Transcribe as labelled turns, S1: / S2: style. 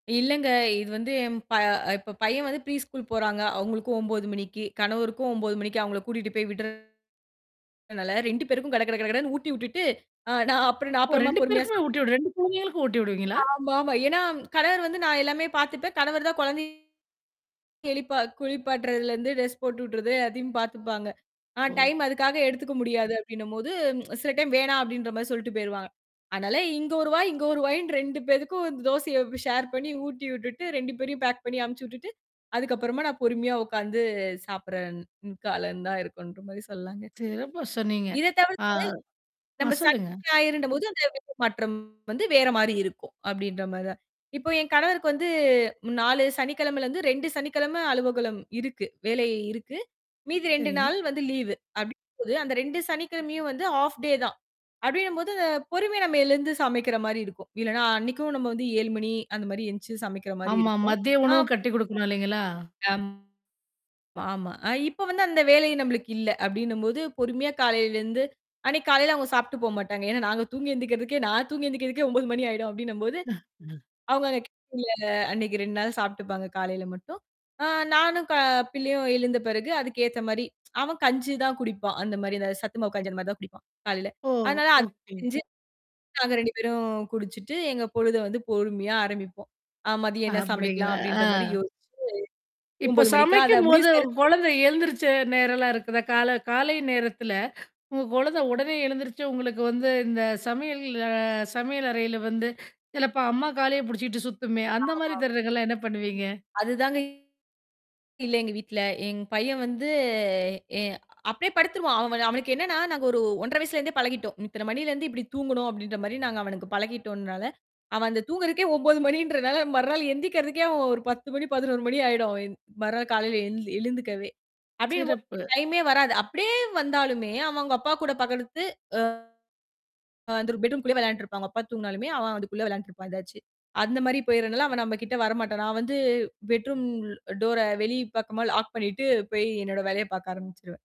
S1: இல்லங்க. இது வந்து எம் ப இப்ப பையன் வந்து ப்ரீ ஸ்கூல் போறாங்க. அவுங்களுக்கும் 9:00 மணிக்கி, கணவருக்கும் 9:00 மணிக்கு அவுங்கள கூட்டிட்டு போய் விட்றனால 2 பேருக்கும் கட கட கட கடன்னு ஊட்டி விட்டுட்டு, ஆ நான் அப்புறம் நான்
S2: ஓ!
S1: அப்பறமா
S2: 2
S1: பொறுமையா
S2: பேருக்குமே
S1: சாப்பிட
S2: ஊட்டி விட்ற? 2 குழந்தைகளுக்கும் ஊட்டி விடுவீங்களா?
S1: ஆமா, ஆமா. ஏன்னா கணவர் வந்து நான் எல்லாமே பாத்துப்பேன். கணவர்தான் குழந்தைய எழிப்பா குளிப்பாட்டுறதுல இருந்து டிரெஸ் போட்டுவிட்றது அதையும் பாத்துப்பாங்க. ஆ.
S2: ஓ!
S1: டைம் அதுக்காக எடுத்துக்க முடியாது. அப்பிடின்னம்போது ச் சில டைம் வேணாம் அப்பிடின்றமாரி சொல்லிட்டு போயிருவாங்க. ஆனால, இங்க ஒரு வாய், இங்க ஒரு வாயின்னு 2 பேருக்கும் தோசைய ஷேர் பண்ணி ஊட்டி விட்டுட்டு 2 பேரையும் பேக் பண்ணி அனுப்பிச்சு விட்டுட்டு அதுக்கு அப்புறமா நான் பொறுமையா உக்காந்து சாப்பிடுறன் கால இருந்தா இருக்குன்டு [unintelligible] சொல்லாங்க.
S2: சிறப்பா சொன்னீங்க.
S1: இதத்
S2: அ,
S1: தவிர்த்து
S2: அ
S1: நம்ம சனி
S2: சொல்லுங்க.
S1: ஞாயிறுன்றபோது அந்த [unintelligible] மாற்றம் வந்து வேற மாதிரி இருக்கும். அப்பிடின்றமாரி தான். இப்போ என் கணவருக்கு வந்து 4 சனிக்கிழமைல இருந்து 2 சனிக்கிழமை அலுவலகம் இருக்கு. வேலை இருக்கு. மீதி 2
S2: சரிங்க.
S1: நாள் லீவு அப்பிடின்னும்போது அந்த 2 சனிக்கிழமையும் வந்து ஹாஃப் டே தான் அப்பிடின்னும்போது பொறுமை. நம்ம எழுந்து சமைக்கிறமாரி இருக்கும். இல்லன்னா அன்னக்கும் நம்ம 7:00 மணி, அந்தமாரி எழுந்திரிச்சு சமைக்கிறமாரி
S2: ஆமா,
S1: இருக்கும்.
S2: மதிய உணவு
S1: ஆப்
S2: கட்டி கொடுக்கணும் இல்லீங்களா?
S1: அம், ஆமா. அ இப்ப அந்த வேலை நம்மளுக்கு இல்ல. அப்பிடின்னம்போது பொறுமையா காலையில இருந்து அன்னக்கி காலையில சாப்பிட்டு போ மாட்டாங்க. ஏன்னா, நாங்க தூங்கி எந்திருக்குறதுக்கே நான் தூங்கி எந்திருக்குறதுக்கே 9:00 மணி ஆயிடும் அப்பிடின்னம்போது, அவுங்க [unintelligible] அன்னக்கி 2 நாள் சாப்புட்டுப்பாங்க. காலையில மட்டும். ஆ நானும் க பிள்ளையும் எழுந்த பிறகு அதுக்கேத்தமாரி அவன் கஞ்சி தான் குடிப்பான். அந்தமாரி அந்த சத்துமாவு கஞ்சிமாரிதான் குடிப்பான் காலையில.
S2: ஓ!
S1: அதனால அத
S2: ஓகே.
S1: செஞ்சு நாங்க 2 பேரும் குடிச்சிட்டு எங்க பொழுத பொறுமையா ஆரம்பிப்போம். ஆ மதியம்
S2: அ
S1: என்ன சமைக்கலாம்
S2: அப்பிடிங்களா! ஆ.
S1: அப்பிடின்ற யோசிச்சு,
S2: இப்ப
S1: 9:00 மணிக்கா அதை முடிவு
S2: சமைக்கும்போது
S1: செய்றக்கு
S2: குழந்தை எழுந்திருச்ச நேரம் எல்லாம் இருக்குதா? கால காலை நேரத்துல உங்க குழந்தை உடனே எழுந்திருச்சு. உங்களுக்கு வந்து இந்தச் சமையல் அ சமையலறையில வந்து சிலப்ப அம்மா காலே புடிச்சிட்டு சுத்துமே!
S1: ஆமா,
S2: அந்தமாரி
S1: ஆமா.
S2: தருணங்கள்ல என்ன பண்ணுவீங்க?
S1: அதுதாங்க இல்ல எங்க வீட்ல. என் பையன் வந்து எ அப்பிடியே படுத்துருவான். அவன் அவனுக்கு என்னன்னா, நாங்க ஒரு 1 1/2 வயசுல இருந்தே பழகிட்டோம். இத்தன மணியிலருந்து இப்பிடி தூங்கணும் அப்பிடின்றமாரி நாங்க அவனுக்குப் பழகிட்டோன்னால, அவன் அந்தத் தூங்குறதுக்கே 9:00 மணின்றனால, மறுநாள் எந்திருக்கிறதுக்கே அவன் ஒரு 10:00 மணி, 11:00 மணி ஆயிடும் அவன் மறுநாள் காலையில எழ் எழுந்துக்கவே! அப்பிடினம்போது
S2: சிறப்பு.
S1: டைம்மே வராது. அப்பிடியே வந்தாலுமே அவுங்க அப்பாகூடப் படுத்து அ அந்த ஒரு பெட்ரூம்க்குள்ளே விளையாடிட்டு இருப்பாங்க. அப்பா தூங்கனாலுமே அவன் அதுக்குள்ள விளையான்டுட்டு இருப்பான் எதாச்சு. அந்தமாரி போயிறனால அவன் நம்மகிட்ட வர மாட்டான். நான் வந்து பெட்ரூம் டோர வெளிப்பக்கமாக லாக் பண்ணிட்டு போய் என்னோட வேலைய பாக்க ஆரம்பிச்சிருவேன்.